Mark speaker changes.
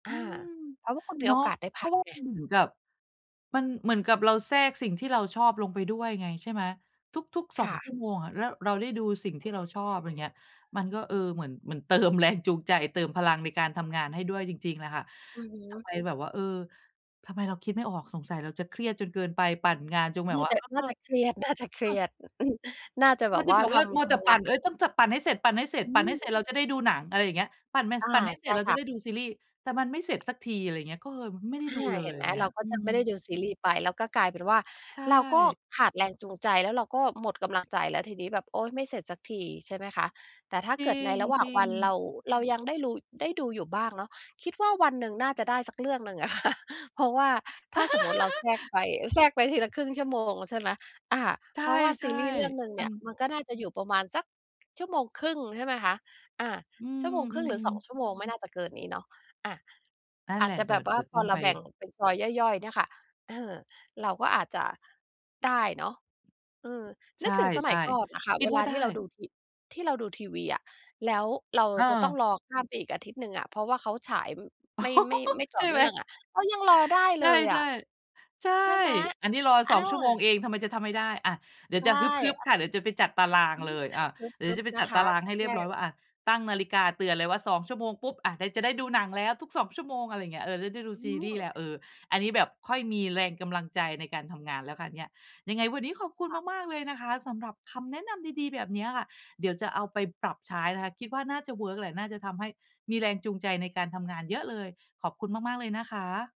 Speaker 1: อ
Speaker 2: อ
Speaker 1: ื
Speaker 2: า
Speaker 1: ม
Speaker 2: เพราะว่าคุณม
Speaker 1: เ
Speaker 2: ี
Speaker 1: นา
Speaker 2: โอ
Speaker 1: ะ
Speaker 2: กาสได้
Speaker 1: เพ
Speaker 2: พ
Speaker 1: รา
Speaker 2: ั
Speaker 1: ะ
Speaker 2: ก
Speaker 1: ว่า
Speaker 2: ไง
Speaker 1: มันเหมือนกับ มันเหมือนกับเราแทรกสิ่งที่เราชอบลงไปด้วยไง ใช่ไหม ทุก ๆ ส
Speaker 2: ค
Speaker 1: อง
Speaker 2: ่
Speaker 1: ชั่
Speaker 2: ะ
Speaker 1: วโมงอะ แล้วเราได้ดูสิ่งที่เราชอบ ไรเงี้ย มันก็ เออ เหมือน เหมือน เติมแรงจูงใจ เติมพลังในการทำงานให้ด้วยจริง ๆ แหละค่ะ
Speaker 2: อือฮ
Speaker 1: ทำ
Speaker 2: ึ
Speaker 1: ไมแบบว่า เออ ทำไมเราคิดไม่ออก? สงสัยเราจะเครียดจนเกินไป ปั่นงานจงแบ
Speaker 2: น
Speaker 1: บ
Speaker 2: ่า
Speaker 1: ว่
Speaker 2: จ
Speaker 1: า
Speaker 2: ะ
Speaker 1: เออ
Speaker 2: น่าจะเครียด น่า จะเคร
Speaker 1: เออ
Speaker 2: ียด อ อืม น่าจะแบ
Speaker 1: มัว
Speaker 2: บ
Speaker 1: จะ
Speaker 2: ว่
Speaker 1: แ
Speaker 2: า
Speaker 1: บบ
Speaker 2: ท
Speaker 1: ว่ามั
Speaker 2: ำ
Speaker 1: ว
Speaker 2: ท
Speaker 1: แต่
Speaker 2: ำ
Speaker 1: ป
Speaker 2: ง
Speaker 1: ั
Speaker 2: า
Speaker 1: ่น
Speaker 2: น
Speaker 1: เฮ้ย ต้อง ส ปั่นให้เสร็จ ปั่นให้เสร็จ
Speaker 2: อื
Speaker 1: ปั่นให้เ
Speaker 2: ม
Speaker 1: สร็จ เราจะได้ดูหนัง อะไรอย่างเงี้ย ปั่นแม ส
Speaker 2: อา
Speaker 1: ปั่นให้เ
Speaker 2: ใ
Speaker 1: สร
Speaker 2: ช
Speaker 1: ็
Speaker 2: ่
Speaker 1: จ เรา
Speaker 2: ค
Speaker 1: จะ
Speaker 2: ่ะ
Speaker 1: ได้ดูซีรีส์ แต่มันไม่เสร็จสักที อะไรอย่างเงี้ย ก็เฮยไม่ได้
Speaker 2: อา
Speaker 1: ดูเล
Speaker 2: เห
Speaker 1: ย
Speaker 2: ็นไ
Speaker 1: อ
Speaker 2: ห
Speaker 1: ย
Speaker 2: ม
Speaker 1: ่างเงี้
Speaker 2: เร
Speaker 1: ย
Speaker 2: าก็
Speaker 1: อื
Speaker 2: จะไม่ได้
Speaker 1: ม
Speaker 2: ดูซีรีส์ไป แล้วก็กลายเป็นว่า
Speaker 1: ใช
Speaker 2: เราก็
Speaker 1: ่
Speaker 2: ขาดแรงจูงใจ แล้วเราก็หมดกำลังใจแล้วทีนี้ แบบ โอ๊ย ไม่เสร็จสักที ใช่ไหมคะ แต่ถ้า
Speaker 1: จ
Speaker 2: เ
Speaker 1: ร
Speaker 2: กิดในระหว่าง
Speaker 1: ิ
Speaker 2: วั
Speaker 1: ง
Speaker 2: น เร
Speaker 1: ๆ
Speaker 2: า เรายังได้รู ได้ดูอยู่บ้างเนาะ คิดว่าวันหนึ่งน่าจะได้สักเรื่องหนึ่ง อะค่ะ เพราะว่าถ้าสมมุติเราแทรกไป อ แทรกไปทีละ 0.5 ชั่วโมง ใช่ไหม อ่า
Speaker 1: ใช
Speaker 2: เพราะว่าซี
Speaker 1: ่
Speaker 2: รีส์เรื่องหนึ่ง
Speaker 1: ๆ ม
Speaker 2: เน
Speaker 1: ั
Speaker 2: ี่
Speaker 1: น
Speaker 2: ย มันก็น่าจะอยู่ประมาณสัก 1.5 ชั่วโมง ใช่ไหมคะ อา
Speaker 1: อื
Speaker 2: 1.5 ชั่วโมง ห
Speaker 1: ม
Speaker 2: รือ 2
Speaker 1: ๆ
Speaker 2: ชั่วโมง ไม่น่าจะเกินนี้เนาะ อะ
Speaker 1: นั่
Speaker 2: อ
Speaker 1: น
Speaker 2: า
Speaker 1: แหล
Speaker 2: จ
Speaker 1: ะ
Speaker 2: จะ
Speaker 1: เดี
Speaker 2: แบ
Speaker 1: ๋ยว
Speaker 2: บว
Speaker 1: เด
Speaker 2: ่า
Speaker 1: ี๋ยว
Speaker 2: พ
Speaker 1: ต
Speaker 2: อ
Speaker 1: ้อง
Speaker 2: เรา
Speaker 1: ไป
Speaker 2: แบ่งเป็นซอยย่อย ๆ เนี่ยค่ะ เออ เราก็อาจจะ ได้เนาะ เออ
Speaker 1: ใช
Speaker 2: นึกถึงสมั
Speaker 1: ่
Speaker 2: ยก่อนอะค่ะ
Speaker 1: ๆ คิ
Speaker 2: เ
Speaker 1: ด
Speaker 2: ว
Speaker 1: ว
Speaker 2: ล
Speaker 1: ่
Speaker 2: า
Speaker 1: าได
Speaker 2: ที่เราด
Speaker 1: ้
Speaker 2: ูที ที่เราดูทีวีอะ แล้วเรา
Speaker 1: เ
Speaker 2: จะต้อ
Speaker 1: ออ
Speaker 2: งรอข้ามไปอีกอาทิตย์หนึ่งอะ เพราะว่าเขาฉาย อ
Speaker 1: อ้อ
Speaker 2: ไม่ ไม่ ไม่ต
Speaker 1: ใ
Speaker 2: ่
Speaker 1: ช
Speaker 2: อ
Speaker 1: ่
Speaker 2: เ
Speaker 1: ไ
Speaker 2: น
Speaker 1: ห
Speaker 2: ื
Speaker 1: ม?
Speaker 2: ่องอะ เรายังรอได้
Speaker 1: ใช
Speaker 2: เล
Speaker 1: ่
Speaker 2: ยอะ
Speaker 1: ๆ ใช่
Speaker 2: ใช่ไหม?
Speaker 1: อันนี้รอ
Speaker 2: อ
Speaker 1: 2 ชั่วโมง
Speaker 2: า
Speaker 1: เอง ทำไมจะทำไม่ได้ อะ เดี๋ยว
Speaker 2: ใช
Speaker 1: จะ
Speaker 2: ่
Speaker 1: ฮึบ ๆ ค่
Speaker 2: อ
Speaker 1: ะ เดี๋ยวจะไปจัดตารา
Speaker 2: อ
Speaker 1: ง
Speaker 2: ื
Speaker 1: เล
Speaker 2: ม
Speaker 1: ย
Speaker 2: แ
Speaker 1: อ
Speaker 2: บ
Speaker 1: า
Speaker 2: บ
Speaker 1: เดี๋ยว
Speaker 2: ฮ
Speaker 1: เดี๋
Speaker 2: ึ
Speaker 1: ยว
Speaker 2: บ
Speaker 1: จะไป
Speaker 2: ๆ น
Speaker 1: จ
Speaker 2: ะ
Speaker 1: ัด
Speaker 2: ค
Speaker 1: ตา
Speaker 2: ะ
Speaker 1: ราง
Speaker 2: ถ้
Speaker 1: ใ
Speaker 2: า
Speaker 1: ห้
Speaker 2: เท
Speaker 1: เรี
Speaker 2: ี
Speaker 1: ยบ
Speaker 2: ย
Speaker 1: ร้อย
Speaker 2: บ
Speaker 1: ว่า อะ ตั้งนาฬิกาเตือนเลยว่า 2 ชั่วโมงปุ๊บ อะ ได้ จะได้ดูหนังแล้วทุก 2 ชั่วโมง อะไรเงี้ย เออ ด ได้ดู
Speaker 2: อื
Speaker 1: ซีรีส์แล้ว เอ
Speaker 2: ม
Speaker 1: อ อันนี้แบบค่อยมีแรงกำลังใจในการทำงานแล้วค่ะเนี่ย ยังไงวันนี้ขอบคุณ
Speaker 2: ค่ะ
Speaker 1: มาก ๆ เลยนะคะสำหรับคำแนะนำดี ๆ แบบเนี้ยค่ะ เดี๋ยวจะเอาไปปรับใช้นะคะ คิดว่าน่าจะเวิร์กแหละ น่าจะทำให้มีแรงจูงใจในการทำงานเยอะเลย ขอบคุณมาก ๆ เลยนะคะ